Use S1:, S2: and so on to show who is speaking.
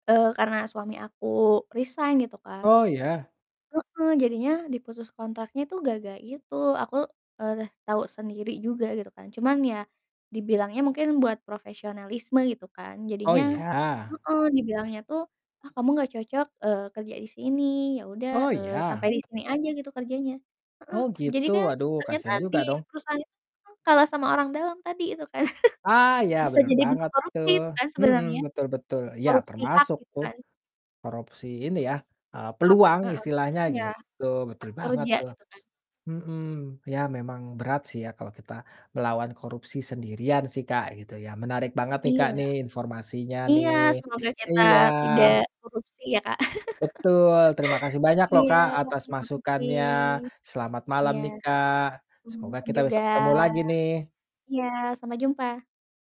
S1: Eee, karena suami aku resign gitu, Kak
S2: Oh, iya.
S1: Heeh. Jadinya diputus kontraknya tuh gara-gara itu. Aku, eee, tau sendiri juga gitu kan, cuman ya dibilangnya mungkin buat profesionalisme gitu kan,
S2: Oh,
S1: jadinya
S2: iya.
S1: heeh, dibilangnya tuh, "Ah, kamu gak cocok," eee, "kerja di sini. Ya udah,"
S2: Oh,
S1: eee, "sampai
S2: iya.
S1: di sini aja," gitu, "kerjanya." Heeh.
S2: Oh,
S1: Jadi
S2: gitu.
S1: kan
S2: Aduh
S1: ternyata
S2: kasihan juga
S1: di
S2: dong.
S1: perusahaan itu tuh kalah sama orang dalam tadi itu kan.
S2: Ah, iya
S1: Bisa
S2: benar
S1: jadi bentuk
S2: banget
S1: korupsi
S2: tuh.
S1: itu kan
S2: Mhm.
S1: sebenarnya.
S2: Betul betul. Iya
S1: Korupsi hak
S2: termasuk
S1: gitu
S2: tuh
S1: kan.
S2: korupsi ini ya, eee,
S1: Hak.
S2: peluang
S1: Heeh.
S2: istilahnya
S1: Iya.
S2: gitu, betul
S1: Hak
S2: banget
S1: kerja
S2: tuh.
S1: gitu kan.
S2: Mhm. Iya memang berat sih ya kalau kita ngelawan korupsi sendirian sih, Kak, gitu ya. Menarik banget nih,
S1: Iya.
S2: Kak, nih informasinya
S1: Iya.
S2: nih.
S1: Semoga kita
S2: Iya.
S1: tidak korupsi ya, Kak.
S2: Betul. Terima kasih banyak loh,
S1: Iya,
S2: Kak, atas
S1: makasih.
S2: masukannya. Selamat
S1: Iya.
S2: malam nih, Kak.
S1: Selamat
S2: Semoga
S1: malam
S2: kita
S1: juga.
S2: besok ketemu lagi nih.
S1: Iya sampai jumpa.